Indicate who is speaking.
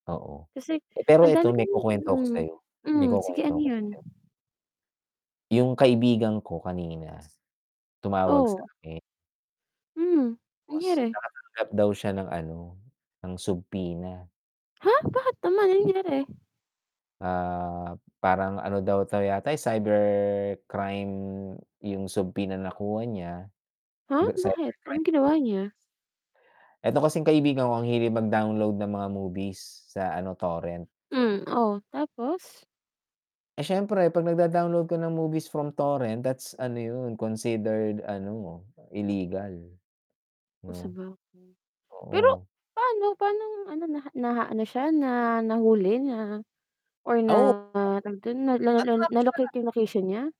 Speaker 1: Oo.
Speaker 2: Kasi
Speaker 1: Eh, pero
Speaker 2: ang dami
Speaker 1: eto may
Speaker 2: kong
Speaker 1: kukwento ako
Speaker 2: mhm.
Speaker 1: sa'yo, may
Speaker 2: Mhm, sige ano
Speaker 1: kukwento ako
Speaker 2: yun?
Speaker 1: sa'yo. Yung kaibigan ko kanina tumawag
Speaker 2: Oo.
Speaker 1: sa'kin.
Speaker 2: Mhm,
Speaker 1: [unintelligible]
Speaker 2: nangyari?
Speaker 1: nakatanggap daw siya ng ano, ng subpoena.
Speaker 2: Ha?! Bakit naman, ano nangyari?
Speaker 1: Ah, parang ano daw 'to yata eh, cybercrime yung subpoena na nakuha niya,
Speaker 2: Ha?!
Speaker 1: [unintelligible]
Speaker 2: Bakit
Speaker 1: cybercrime.
Speaker 2: anong
Speaker 1: [unintelligible]
Speaker 2: ginawa niya?
Speaker 1: Eto kasing kaibigan ko ang hilig mag-download ng mga movies, sa ano, Torrent.
Speaker 2: Hmm, oh tapos?
Speaker 1: Eh, siyempre 'pag nagda-download ka ng movies from Torrent, that's ano yun considered ano, llegal.
Speaker 2: Kung
Speaker 1: 'No.
Speaker 2: sabagay, Pero
Speaker 1: Oo.
Speaker 2: paano paanong ano, naha naano siya na nahuli na or
Speaker 1: Ah, oo.
Speaker 2: na tawag dun na nalo lol
Speaker 1: Na-trap
Speaker 2: na
Speaker 1: siya.
Speaker 2: locate yung location niya?